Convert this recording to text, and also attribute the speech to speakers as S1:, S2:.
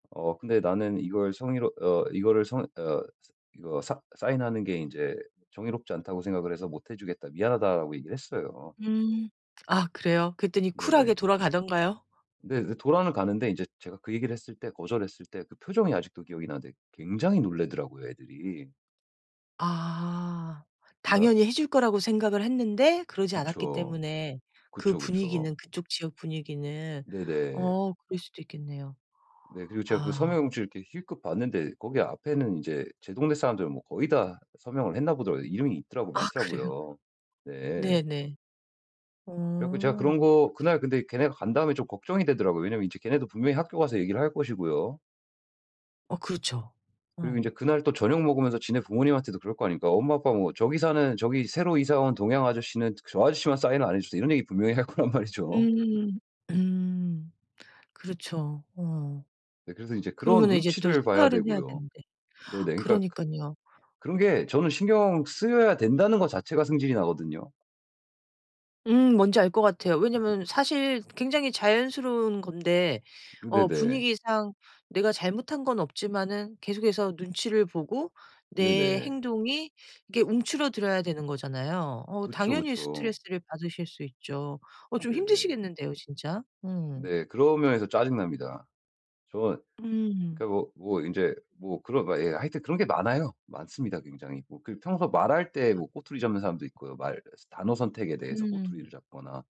S1: 어 근데 "나는 이걸 성의로 어 이거를 성 어 서 이거 싸 싸인하는 게 인제 정의롭지 않다고 생각을 해서 못 해 주겠다. 미안하다."라고 얘기를 했어요.
S2: 음. 아 그래요? 그랬더니 쿨하게
S1: 네네.
S2: 돌아가던가요?
S1: 네. 그래서 돌아는 가는데 인제 제가 그 얘기를 했을 때 거절을 했을 때 그 표정이 아직도 기억이 나는데 굉장히 놀라더라고요, 애들이.
S2: 아.
S1: 그러니까
S2: 당연히 해 줄 거라고 생각을 했는데 그러지 않았기
S1: 그쵸.
S2: 때문에 그
S1: 그쵸, 그쵸.
S2: 분위기는 그쪽 지역 분위기는
S1: 네네.
S2: 어 그럴 수도 있겠네요.
S1: 네. 그리고 제가 그
S2: 아.
S1: 서명 용지를 이렇게 힐끗 봤는데 거기 앞에는 인제 제 동네 사람들은 뭐 거의 다 서명을 했나 보더라고요. 이름이 있더라고
S2: 아 그래요?
S1: 많더라고요. 네.
S2: 네네.
S1: 그래갖고 제가 그런
S2: 어.
S1: 거 그날 근데 걔네가 간 다음에 좀 걱정이 되더라고요. 왜냐하면 이제 걔네도 분명히 학교 가서 얘기를 할 것이고요.
S2: 어 그렇죠.
S1: 그리고 인제
S2: 어.
S1: 그날 또 저녁 먹으면서 지네 부모님한테도 그럴 거 아닙니까. "엄마 아빠 뭐 저기 사는 저기 새로 이사 온 동양 아저씨는 저 아저씨만 싸인을 안 해주세요." 이런 얘기 분명히 할 거란 말이죠.
S2: 음. 음. 그렇죠. 어.
S1: 네 그래서 인제 그런
S2: 그러면은 이제 또
S1: 눈치를 봐야
S2: 생활은 해야
S1: 되고요.
S2: 되는데.
S1: 네네. 그러니까 그
S2: 그러니깐요.
S1: 그런 게 저는 신경 쓰여야 된다는 것 자체가 성질이 나거든요.
S2: 음. 뭔지 알 것 같아요. 왜냐면 사실 굉장히 자연스러운 건데
S1: 근데
S2: 어
S1: 네.
S2: 분위기상 내가 잘못한 건 없지만은 계속해서 눈치를 보고 내
S1: 네네.
S2: 행동이 이게 움츠러들어야 되는 거잖아요. 어
S1: 그쵸,
S2: 당연히
S1: 그쵸.
S2: 스트레스를 받으실 수 있죠. 어 좀
S1: 네네.
S2: 힘드시겠는데요, 진짜. 음.
S1: 네. 그런 면에서 짜증 납니다. 저
S2: 음.
S1: 그니까 뭐 뭐 인제 뭐 그런 예 하여튼 그런 게 많아요. 많습니다, 굉장히. 뭐 그 평소 말할 때
S2: 아.
S1: 뭐 꼬투리 잡는 사람도 있고요, 말 단어 선택에 대해서
S2: 음.
S1: 꼬투리를 잡거나.